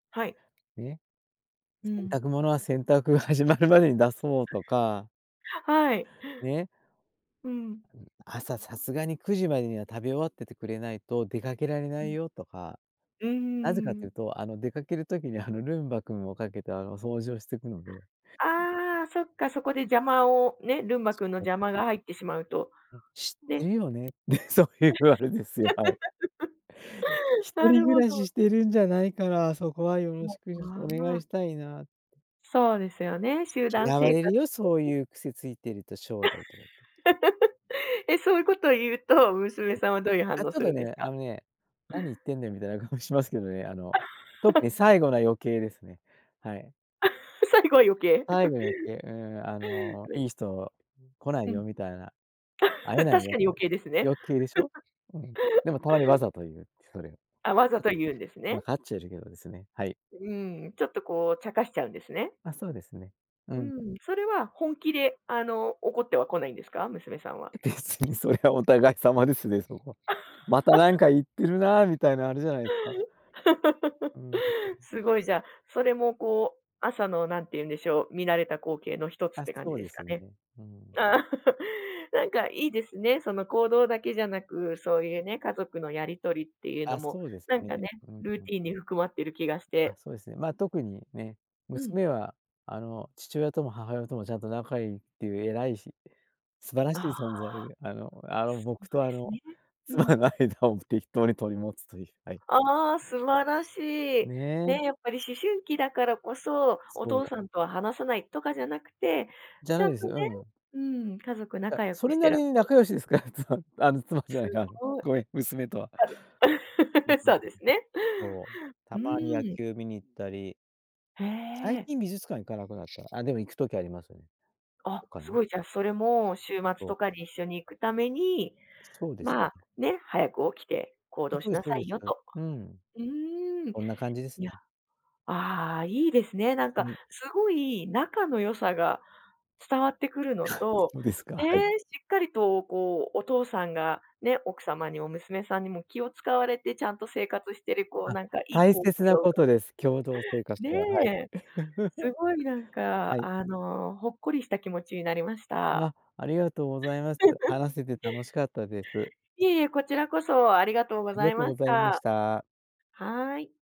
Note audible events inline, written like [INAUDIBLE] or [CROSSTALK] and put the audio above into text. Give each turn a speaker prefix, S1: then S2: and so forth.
S1: はい。
S2: ね、
S1: う
S2: 洗
S1: ん。
S2: 濯物は洗濯が始まるまでに出そうとか。
S1: はい。
S2: ね。
S1: うん。
S2: うん、朝さすがに9時までには食べ終わっててくれないと出かけられな
S1: う
S2: い
S1: ん。
S2: よ、とか。
S1: うー
S2: なぜかとい
S1: ん。
S2: うと、あの、出かける時に、あの、ルンバ君をかけて、あの、掃除をしてくので。
S1: ああ、そっか、そこで邪魔をね、ルンバ
S2: そ
S1: くんの
S2: こが
S1: 邪
S2: ね。
S1: 魔が入ってしまうと
S2: うん、知って
S1: ね。
S2: るよねって、そういうあれですよ、はい。
S1: [LAUGHS]
S2: 一
S1: な
S2: 人
S1: る
S2: 暮
S1: ほ
S2: らし
S1: ど。
S2: してるんじゃないから、そこはよろし
S1: も、
S2: くちょっとお願
S1: あ
S2: い
S1: あ。
S2: したいなって。
S1: そうですよね、集団
S2: 嫌わ
S1: 生
S2: れる
S1: 活
S2: よ、そう
S1: [UNINTELLIGIBLE]
S2: いう癖ついてると将来、とか言って。
S1: [LAUGHS] え、そういうことを言うと、娘
S2: うん。
S1: さんはどういう反
S2: あ、
S1: 応
S2: ちょっ
S1: す
S2: と
S1: るんです
S2: ね、あ
S1: か？
S2: のね、何言ってんねんみたいな顔しますけどね。あの、特に
S1: [LAUGHS]
S2: 最後の余計ですね。はい。
S1: [LAUGHS] 最後は余計。[LAUGHS]
S2: 最後の余計、うん、あの、
S1: [UNINTELLIGIBLE]
S2: いい人来な
S1: う
S2: い
S1: ん。
S2: よみたいな、会
S1: [LAUGHS]
S2: え
S1: 確
S2: ないよっ
S1: かに
S2: て、
S1: 余計ですね。
S2: 余計でしょ。
S1: [LAUGHS]
S2: うん。でもたまにわざと言う。それ。
S1: あ、
S2: わ
S1: わ
S2: か
S1: ざ
S2: っち
S1: と言うんです
S2: ゃわ
S1: ね。
S2: かっちゃいるけどですね、はい。
S1: うん、ちょっと、こう、茶化しちゃうんですね。
S2: あ、そうですね。う
S1: う
S2: ん。
S1: ん、それは本気で、あの、怒ってはこないんですか？娘さんは。
S2: 別にそれはお互い様ですね、そこは。またなんか
S1: [LAUGHS]
S2: 言ってるな、みたいなあれじゃないすか。う
S1: [LAUGHS]
S2: ん。
S1: すごい、じゃあ、それも、こう、朝の、なんていうんでしょう、見慣れた光景の一つっ
S2: あ、
S1: て感
S2: そ
S1: じ
S2: う
S1: で
S2: で
S1: す
S2: す
S1: か
S2: よ
S1: ね。
S2: ね。うーん。
S1: ああ、なんか、いいですね。その行動だけじゃなく、そういうね、家族のやり取りっていうの
S2: あ、
S1: も、
S2: そうです
S1: なん
S2: ね。
S1: かね、
S2: うん
S1: ル
S2: う
S1: ー
S2: ん。
S1: ティンに含まってる気がし
S2: あ、
S1: て。
S2: そうですね。まあ、特にね、
S1: うん。
S2: 娘は、あの、父親とも母親ともちゃんと仲良いっていう偉いし、素晴ら
S1: あ
S2: しい
S1: あ、
S2: 存在で、あのあの、
S1: そ
S2: 僕
S1: う
S2: と、
S1: で
S2: あ
S1: す
S2: の、
S1: ね。う
S2: 妻
S1: ん。
S2: の間を適当に取り持つという、はい。
S1: ああ、素晴らしい。
S2: ね。
S1: ね、やっぱり思春期だからこそ、お
S2: そ
S1: 父
S2: う。
S1: さんとは話さないとかじゃなくて、
S2: じゃ
S1: ち
S2: な
S1: ゃ
S2: い
S1: ん
S2: です、
S1: とね、
S2: うん。
S1: うん、家族
S2: や、
S1: 仲良
S2: そ
S1: く
S2: れ
S1: し
S2: な
S1: て
S2: り
S1: らし
S2: に
S1: ゃる。
S2: 仲良しですから。妻、あの、妻じゃない、
S1: す
S2: なに、
S1: ごい。
S2: ごめん、娘とは。
S1: はず
S2: うん
S1: [LAUGHS]
S2: うんうん、
S1: そうですね。
S2: そう、た
S1: う
S2: まに野
S1: ーん。
S2: 球見に行ったり。
S1: へ
S2: 最
S1: え。
S2: 近美術館行かなくなった。あ、でも行くときありますよね。
S1: あ、
S2: とか
S1: す
S2: ね。
S1: ごい。じゃ、それも週末
S2: そう。
S1: とかに一緒に行くために、
S2: そうです
S1: まあ、
S2: ね。
S1: ね、早く起きて行
S2: あ、
S1: 動
S2: そう
S1: し
S2: です、
S1: な
S2: そう
S1: さ
S2: で
S1: い
S2: す。
S1: よと。
S2: うん。
S1: うーん。
S2: こんな感じです
S1: いや、
S2: ね。
S1: ああ、いいですね。なん
S2: は
S1: か、
S2: い。
S1: すごい仲の良さが伝わってくるの
S2: [CHUCKLES]
S1: と、
S2: そうですか、はい。
S1: ね、しっかりと、こう、お父さんが、ね、奥様にも娘さんにも気を使われてちゃんと生活してる、こう、
S2: あ、
S1: なんか、いい
S2: 大
S1: 光
S2: 切
S1: 景
S2: な
S1: を-
S2: こ
S1: が
S2: とです、共同生活は、はい。
S1: ね。
S2: [CHUCKLES]
S1: すごい、なん
S2: は
S1: か、
S2: い。
S1: あの、ほっこりした気持ちになりました。
S2: あ、ありがとうございます。
S1: [LAUGHS]
S2: 話せて楽しかったです。
S1: いえ、こちらこそ、ありがとうご
S2: あり
S1: ざ
S2: が
S1: い
S2: とう
S1: ま
S2: ご
S1: し
S2: ざいまし
S1: た。
S2: た。
S1: はい。